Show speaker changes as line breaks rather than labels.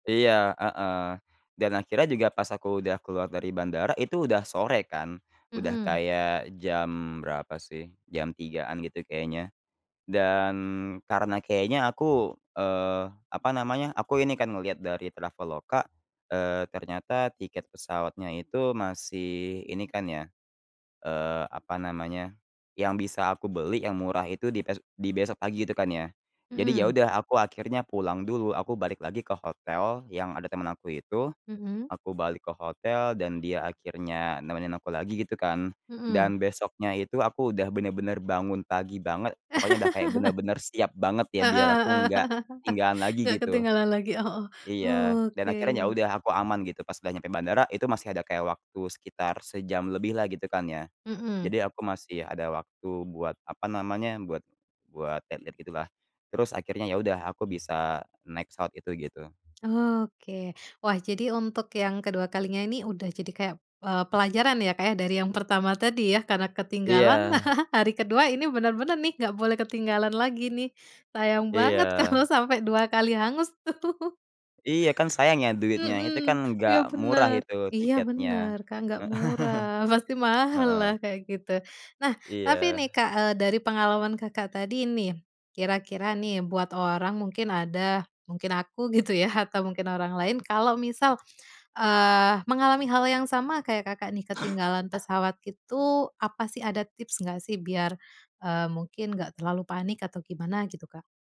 Iya, heeh, dan akhirnya juga pas aku udah keluar dari bandara itu udah sore kan. Udah
Mmm.
kayak jam berapa sih, jam 3.00-an gitu kayaknya dan karena kayaknya aku, eee, apa namanya, aku ini kan ngelihat dari Traveloka, eee, ternyata tiket pesawatnya itu masih ini kan ya, eee, apa namanya, yang bisa aku beli yang murah itu di bes di besok pagi itu kan. Jadi ya
Mmm.
udah aku akhirnya pulang dulu, aku balik lagi ke hotel yang ada temen aku itu,
Mmm.
aku balik ke hotel dan dia akhirnya nemenin aku lagi gitu kan.
Mmm.
Dan besoknya itu aku udah bener-bener bangun pagi banget, pokoknya udah kayak bener-bener siap banget ya
Heeh
biar aku
heeh.
nggak ketinggalan lagi
Nggak
gitu.
ketinggalan lagi. Heeh. Oh,
Iya, dan
oke.
akhirnya ya udah aku aman gitu pas udah nyampe bandara itu masih ada kayak waktu sekitar sejam lebihlah gitu kan ya.
Mmm.
Jadi aku masih ada waktu buat apa namanya, buat buat lihat-lihat gitulah. Terus akhirnya ya udah aku bisa naik pesawat itu gitu.
Oke, wah jadi untuk yang ke-2 kalinya ini udah jadi kayak, eee, pelajaran ya, Kak, ya. Dari yang pertama tadi ya karena ketinggalan,
Iya.
hari ke-2 ini bener-bener nih, nggak boleh ketinggalan lagi nih. Sayang banget
Iya.
kalau sampai 2 kali hangus tuh.
Iya, kan sayang ya duitnya itu
Mmm,
kan gak
iya
murah
bener.
itu
Iya
tiketnya.
bener, Kak, gak
Heeh.
murah, pasti mahal
Heeh.
lah kayak gitu. Nah tapi nih,
Iya.
Kak, eee, dari pengalaman Kakak tadi nih, kira-kira nih, buat orang mungkin ada mungkin aku gitu ya atau mungkin orang lain, kalau misal, eee, mengalami hal yang sama kayak Kakak nih ketinggalan pesawat itu apa sih ada tips nggak sih biar, eee, mungkin nggak terlalu panik atau gimana gitu, Kak?